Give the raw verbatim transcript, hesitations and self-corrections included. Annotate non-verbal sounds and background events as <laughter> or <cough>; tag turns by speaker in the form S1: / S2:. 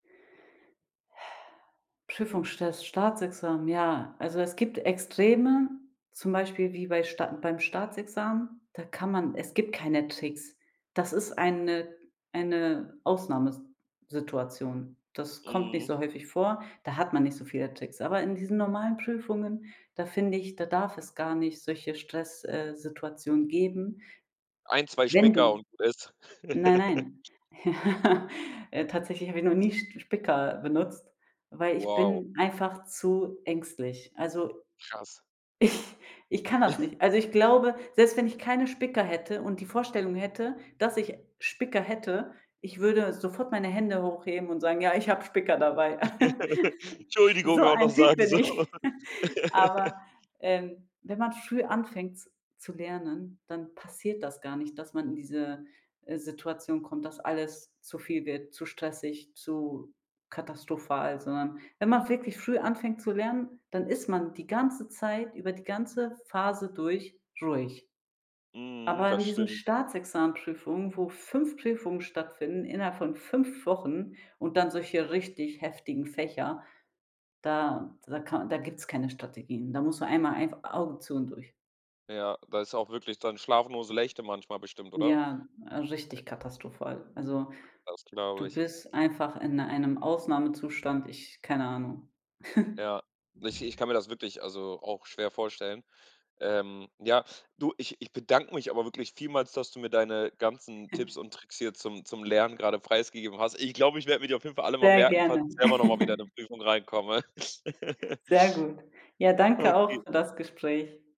S1: Prüfungsstress, Staatsexamen, ja. Also, es gibt Extreme, zum Beispiel wie bei Sta beim Staatsexamen, da kann man es gibt keine Tricks. Das ist eine eine Ausnahme s Situation. Das kommt nicht
S2: Mhm.
S1: so häufig vor. Da hat man nicht so viele Tricks. Aber in diesen normalen Prüfungen, da finde ich, da darf es gar nicht solche Stress äh, Situationen geben.
S2: ein, zwei
S1: Wenn
S2: Spicker,
S1: du
S2: und gut ist.
S1: Nein,
S2: <laughs>
S1: nein. Ja Äh, tatsächlich hab ich noch nie Sch Spicker benutzt, weil ich
S2: Wow.
S1: bin einfach zu ängstlich. Also,
S2: Krass.
S1: ich ich kann das
S2: <chuckles>
S1: nicht. Also, ich glaube, selbst wenn ich keine Spicker hätte und die Vorstellung hätte, dass ich Spicker hätte, ich würde sofort meine Hände hochheben und sagen: „Ja, ich hab Spicker dabei.“
S2: <laughs>
S1: <laughs> So
S2: „'Tschuldigung” auch noch
S1: ein Typ
S2: sagen,
S1: bin
S2: so.
S1: ich. <giggles> Aber,
S2: <laughs>
S1: ähm, wenn man früh anfängt z zu lernen, dann passiert das gar nicht, dass man in diese, äh, Situation kommt, dass alles zu viel wird, zu stressig, zu katastrophal, sondern wenn man wirklich früh anfängt zu lernen, dann ist man die ganze Zeit, über die ganze Phase durch, ruhig.
S2: Mhm,
S1: Aber
S2: das
S1: in diesen
S2: stimmt.
S1: Staatsexamenprüfungen, wo fünf Prüfungen stattfinden, innerhalb von fünf Wochen, und dann solche richtig heftigen Fächer, da da ka da gibt's keine Strategien. Da muss man einmal einf „Augen zu und durch“.
S2: Ja, da ist auch wirklich dann schlafnose Lächte manchmal bestimmt, oder?
S1: Ja, richtig katastrophal. Also,
S2: Das glaube
S1: du
S2: ich.
S1: bist einfach in einem Ausnahmezustand, ich keine Ahnung. <chuckles>
S2: Ja. Ich ich kann mir das wirklich, also, auch schwer vorstellen. Ähm, ja, du, ich ich bedanke mich aber wirklich vielmals, dass du mir deine ganzen Tipps
S1: <giggles>
S2: und Tricks hier zum zum Lernen grade preisgegeben hast. Ich glaube, ich werde mir die auf jeden Fall alle mal
S1: Sehr
S2: merken, falls
S1: gerne.
S2: ich selber noch mal wieder in 'ne
S1: <giggles>
S2: Prüfung reinkomme. <laughs>
S1: Sehr gut. Ja, danke
S2: Okay.
S1: auch für das Gespräch.